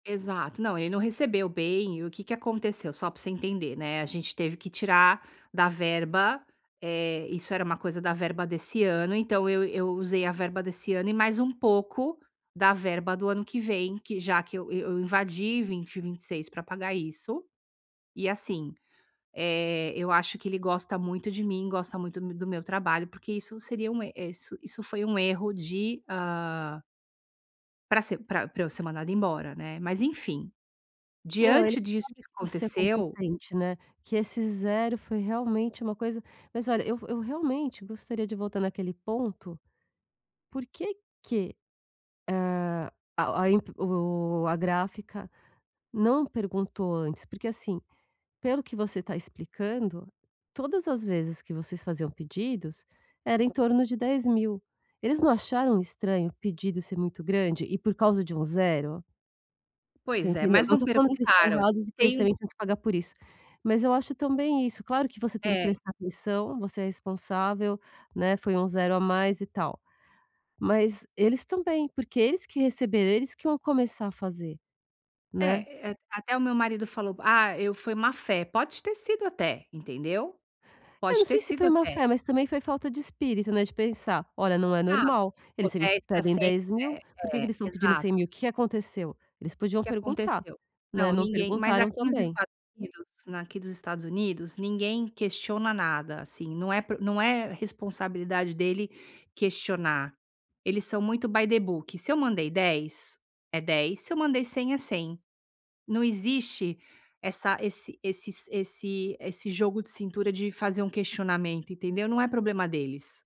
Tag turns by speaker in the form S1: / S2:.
S1: Exato. Não, ele não recebeu bem e o que que aconteceu? Só pra você entender, né, a gente teve que tirar da verba, eh, isso era uma coisa da verba desse ano, então, eu eu usei a verba desse ano e mais um pouco da verba do ano que vem, que já que eu eu invadi 20, 26 pra pagar isso e, assim, eh, eu acho que ele gosta muito de mim, gosta muito mo do meu trabalho, porque isso seria um er eh, isso isso foi um erro de, ah pra ser pra pra eu ser mandada embora, né, mas, enfim.
S2: Não, ele
S1: Diante disso que
S2: sabe que você é
S1: aconteceu
S2: competente, né. Que esse 0 foi, realmente, uma coisa mas, olha, eu vo eu realmente gostaria de voltar naquele ponto. Por que que, hã, a o a imp o a gráfica não perguntou antes? Porque, assim, pelo que você tá explicando, todas as vezes que vocês faziam pedidos, era em torno de 10.000. Eles não acharam estranho o pedido ser muito grande e por causa de um 0? Você
S1: Pois é,
S2: entendeu?
S1: mas
S2: Eu não
S1: não
S2: tô falando que eles estão
S1: perguntaram.
S2: errados e que eles
S1: Tem um
S2: também têm que pagar por isso. Mas eu acho também isso claro que você tem que
S1: É.
S2: prestar atenção, você é responsável, né, foi um 0 a mais e tal. Mas, eles também, porque eles que receberam, eles que iam começar a fazer. Né.
S1: É, eh, até o meu marido falou: "Ah, eu foi má-fé", pode ter sido até, entendeu.
S2: Eu não
S1: Pode ter
S2: sei se
S1: sido,
S2: foi
S1: até.
S2: má-fé mas também foi falta de espírito, né, de pensar: "Olha, não é
S1: Ah. Se
S2: normal.
S1: for
S2: Eles sempre
S1: 10 pra
S2: pedem
S1: 100
S2: dez
S1: né,
S2: mil. Por que que
S1: é,
S2: eles estão pedindo cem
S1: exato.
S2: mil, o que que aconteceu?" Eles
S1: O
S2: podiam
S1: que
S2: perguntar.
S1: aconteceu?
S2: Né,
S1: Não,
S2: não
S1: ninguém mas
S2: perguntaram
S1: aqui nos
S2: também.
S1: Estados Unidos na aqui dos Estados Unidos, ninguém questiona nada, assim, não é por não é responsabilidade dele questionar. Eles são muito by the book. Se eu mandei 10, é 10. Se eu mandei 100 é 100. Não existe essa esse esses esse esse jogo de cintura de fazer um questionamento, entendeu. Não é problema deles.